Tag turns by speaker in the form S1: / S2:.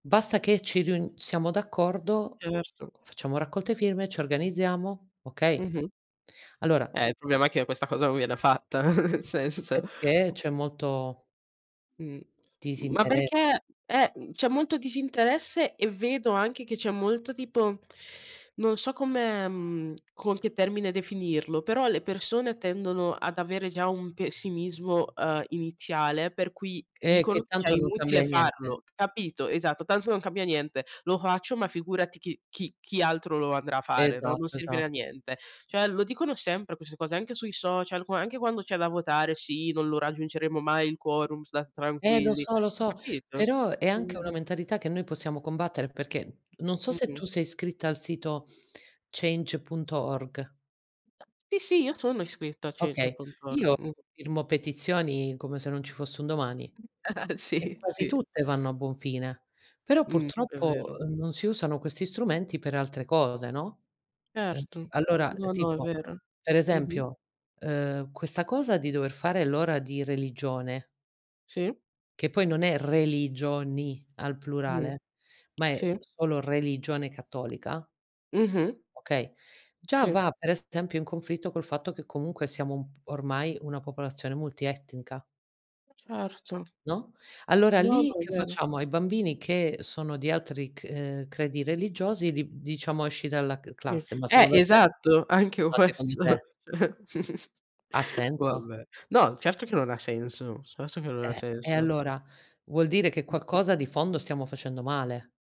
S1: Basta che ci riun siamo d'accordo,
S2: Certo.
S1: facciamo raccolte firme, ci organizziamo. Okay.
S2: Mh-mh.
S1: Allora
S2: Eh, il problema è che questa cosa non viene fatta, n senso, cioè
S1: Perché c'è molto
S2: Mh. M ma
S1: ...disinteres
S2: perché, è mhmm, c'è molto disinteresse e vedo anche che c'è molto, tipo non so come mhmm, con che termine definirlo, però le persone tendono ad avere già un pessimismo, uhm, iniziale, per cui
S1: Eh,
S2: dicono
S1: che
S2: che è già
S1: tanto non
S2: inutile
S1: cambia niente.
S2: farlo, capito? Esatto, tanto non cambia niente. Lo faccio, ma figurati chi chi chi altro lo andrà a fare, no? Non
S1: Esatto,
S2: servire a
S1: esatto.
S2: niente. Cioè, lo dicono sempre, queste cose, anche sui social, qua anche quando c'è da votare: "Sì, non lo raggiungeremo mai il quorum, stat
S1: Eh! Lo
S2: tranquilli",
S1: so, lo so,
S2: capito?
S1: però è anche
S2: quindi
S1: una mentalità che noi possiamo combattere, perché non so se
S2: Mh-mh.
S1: tu sei iscritta al sito, change.org.
S2: Sì, sì, io sono iscritto a
S1: Okay,
S2: change.org.
S1: io
S2: Mh
S1: firmo petizioni, come se non ci fosse un domani, e
S2: Sì,
S1: quasi
S2: sì.
S1: tutte vanno a buon fine. Però
S2: Mh. È
S1: purtroppo
S2: vero.
S1: non si usano questi strumenti per altre cose, no? Eh
S2: Erto.
S1: allora, uhm,
S2: No, no, è
S1: tipo
S2: vero.
S1: per
S2: Mh-mh.
S1: esempio, uhm, questa cosa di dover fare l'ora di religione
S2: Sì.
S1: che poi non è religioni al
S2: Mh-mh.
S1: plurale, ma è
S2: Sì.
S1: solo religione cattolica
S2: Mh-mh.
S1: okay? Già
S2: Sì.
S1: va per esempio in conflitto, col fatto che comunque siamo un p ormai, una popolazione multietnica.
S2: Certo.
S1: No? Allora
S2: No,
S1: lì,
S2: no, è
S1: che
S2: vero.
S1: facciamo? Ai bambini che sono di altri c uhm, credi religiosi li d diciamo: "Esci dalla cl
S2: Sì,
S1: classe". Ma
S2: eh,
S1: secondo te?
S2: esatto! Anche
S1: Ma secondo
S2: questo.
S1: te? Ha senso?
S2: Vabbè. No, certo che non ha senso certo che non ha
S1: Eh! E
S2: senso.
S1: allora? Vuol dire che qualcosa di fondo stiamo facendo male.